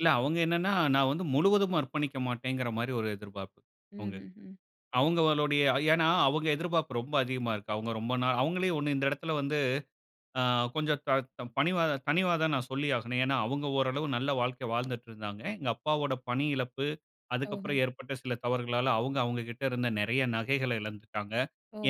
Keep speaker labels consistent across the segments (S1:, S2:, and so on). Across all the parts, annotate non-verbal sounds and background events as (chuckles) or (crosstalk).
S1: இல்ல. அவுங்க என்னனா, நான் வந்து முழுவதும் அர்ப்பணிக்க மாட்டேங்கிற மாரி ஒரு எதிர்பாப்பு, அவுங்ககிட்ட,
S2: ம்ஹ்ஹ்ம்.
S1: அவுங்களுடைய ஏனா, அவுங்க எதிர்பாப்பு ரொம்ப அதிகமா இருக்கு. அவங்க ரொம்ப நாள் அவுங்களே ஒண்ணு இந்த எடத்துல வந்து, அ கொஞ்சம் த த பணிவாதா தனிவாதா நான் சொல்லி ஆகணும். ஏனா, அவுங்க ஓரளவு நல்ல வாழ்க்கை வாழ்ந்துட்டுருந்தாங்க. எங்க அப்பாவோட பணி இழப்பு,
S2: ஓஹோ!
S1: அதுக்கப்புறம் ஏற்பட்ட சில தவறுகளால, அவுங்க, அவுங்ககிட்ட இருந்த நெறய நகைகள எழந்துட்டாங்க.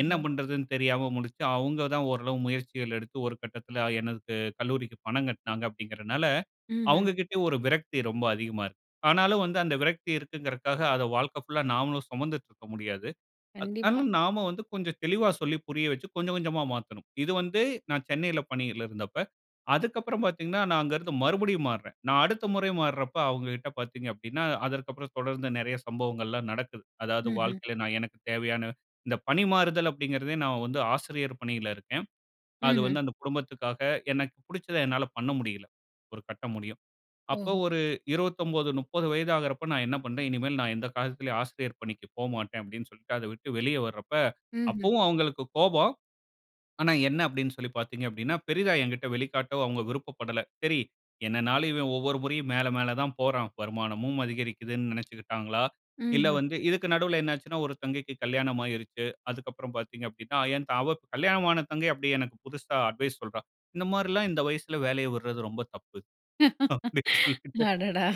S1: என்ன பண்றதுனு தெரியாம முழிச்சு, அவுங்க தான் ஓரளவு முயற்சிகள் எடுத்து, ஒரு கட்டத்தில, எனக்கு கல்லூரிக்கு பணம் கட்டுனாங்க அப்படிங்கறனால,
S2: ம்ஹ்ம்.
S1: அவுங்ககிட்டயும் ஒரு விரக்தி ரொம்ப அதிகமா இருக்கு. ஆனாலும் வந்து, அந்த விரக்தி இருக்குறங்காக, அத வாழ்க்கை புல்லா, நாமளும் சுமந்துட்டுருக்க முடியாது. அ ஆனா,
S2: கண்டிப்பா.
S1: நாம வந்து, கொஞ்சம் தெளிவா சொல்லி புரிய வச்சு, கொஞ்ச கொஞ்சமா மாத்தணும். இது வந்து, நான் சென்னையில பணியில இருந்தப்ப. அதுக்கப்புறம் பாத்தீங்கனா, நான் அங்கருந்து மறுபடியும் மாறுறேன். நான் அடுத்த முறை மாறுரப்ப, அவுங்ககிட்ட பாத்தீங்க அப்படினா, அதற்கப்புறம் தொடர்ந்து நெறய சம்பவங்கள்லாம் நடக்குது. அதாவது
S2: ம்ஹ்ம்.
S1: வாழ்க்கையில, நான் எனக்குத் தேவையான இந்த பணிமாறுதல் அப்படிங்கிறதே நான் வந்து ஆசிரியர் பணியில இருக்கேன். அது
S2: ம்ஹ்ம்.
S1: வந்து, அந்த குடும்பத்துக்காக, எனக்கு புடுச்சத, என்னால பண்ண முடியல. ஒரு கட்ட முடியும். அப்ப
S2: ஓஹோ!
S1: ஒரு, 29, 30 வயது ஆகுறப்போ, நான் என்ன பண்றேன், இனிமேல் நான் எந்த காலத்திலும் ஆசிரியர் பணிக்கு போமாட்டேன், அப்படினு சொல்லிட்டு, அத விட்டு வெளிய வர்றப்ப,
S2: ம்ஹ்ம்.
S1: அப்பவும் அவுங்களுக்கு கோபம். ஆனா, என்ன அப்படினு சொல்லி பாத்தீங்க அப்படினா, பெரிதா எங்கிட்ட வெளிக்காட்டவும், அவுங்க விருப்பப்படல. சரி என்னனாலும், இவன் ஒவ்வொரு முறையும், மேல, மேல தான் போறான். வருமானமும் அதிகரிக்குதுனு நெனச்சுக்கிட்டாங்களா? இல்ல
S2: ம்ஹ்ம்.
S1: வந்து இதுக்கு நடுவுல என்னாச்சுனா, ஒரு தங்கைக்கு கல்யாணம் ஆயிருச்சு. அதுக்கப்புறம் பாத்தீங்க அப்படினா, என் த அவ கல்யாணம் ஆன தங்கை, அப்டியே எனக்கு புதுசா அட்வைஸ் சொல்றா. இந்த மாரிலாம் இந்த வயசுல வேலய விட்றது, ரொம்ப தப்பு. அப்படினு சொல்லிட்டு.
S2: அடடா!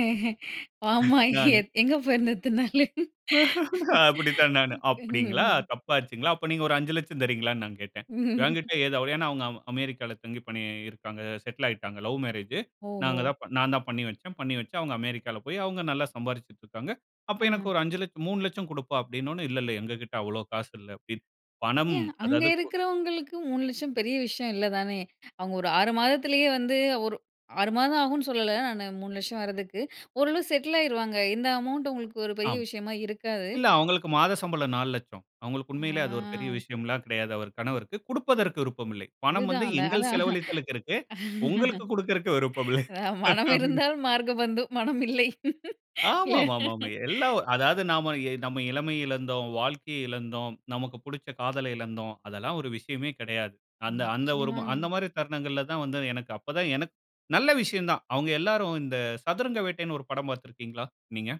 S2: ஏ ஆமா, எ
S1: நானு.
S2: எங்க போயிருந்த இத்தன்னாளு?
S1: (laughs) அப்படித்தான் நானு.
S2: ம்.
S1: அப்படிங்களா?
S2: ம்.
S1: தப்பாச்சுங்களா? அப்ப நீங்க ஒரு, 5,00,000 தர்றீங்களானு நான் கேட்டேன். "என்கிட்ட
S2: (chuckles)
S1: ஏது அவ்ளோ?" அவுங்க அம் அமெரிக்கால தங்கி பணி இருக்காங்க. செட்லாயிட்டாங்க. லவ் மேரேஜ்ஷு. நாங்க
S2: ஓஹோ!
S1: தான் நான் தான் பண்ணி வச்சேன். பண்ணி வச்சு, அவுங்க அமெரிக்கால போய், அவுங்க நல்லா சம்பாரிச்சுட்ருக்காங்க. அப்ப எனக்கு
S2: அஹ.
S1: ஒரு அஞ்சு லட்ச, 3,00,000 குடுப்பா, அப்படின உடனே, இல்ல, இல்ல எங்ககிட்ட அவ்வளோ காசு இல்ல. பணம்,
S2: ஏன்? அங்க
S1: அதாவது கு
S2: இருக்கிறவங்களுக்கு, 3,00,000 பெரிய விஷயம் இல்ல தானே? அவுங்க ஒரு 6 மாதத்திலேயே வந்து ஒரு 6 மாதம் ஆகும்னு சொல்லல நானு, 3,00,000 வர்றதுக்கு, ஓரளவு செட்லாயிருவாங்க. இந்த அமவுண்ட் அவங்களுக்கு ஒரு பெரிய
S1: ஆமா.
S2: விஷயமா இருக்காது.
S1: இல்ல. அவுங்களுக்கு மாத சம்பளம் 4,00,000 அவுங்களுக்கு உண்மையிலேயே, அது ஒரு பெரிய
S2: ஆ
S1: விஷயம்லாம் கெடையாது, அவர் கணவருக்கு. குடுப்பதற்கு விருப்பம் இல்லை. பணம்
S2: அதுதான்,
S1: வந்து,
S2: அந்த
S1: எங்கள்
S2: அதான்.
S1: செலவழித்தலுக்கு இருக்கு. உங்களுக்கு குடுக்கறதுக்கு விருப்பம் இல்லை.
S2: அ, "மனம்
S1: அப்டி
S2: இருந்தால் மார்க்க பந்தும். மனம் இல்லை." இல்ல.
S1: ஆமாமாமா. எல்லா அதாவது நாம, நம்ம இளமய இழந்தோம், வாழ்க்கைய இழந்தோம், நமக்கு புடுச்ச காதல இழந்தோம். அதெல்லாம் ஒரு விஷயமே கெடையாது. அந்த அந்த ஒரு
S2: நிச்சயமாங்க.
S1: அந்த மாரி தருணங்கள்ல தான் வந்து, எனக்கு அப்ப தான், எனக்கு நல்ல விஷயம் தான். அவுங்க எல்லாரும் இந்த சதுரங்க வேட்டைன்னு ஒரு படம் பாத்துருக்கீங்களா? நீங்க.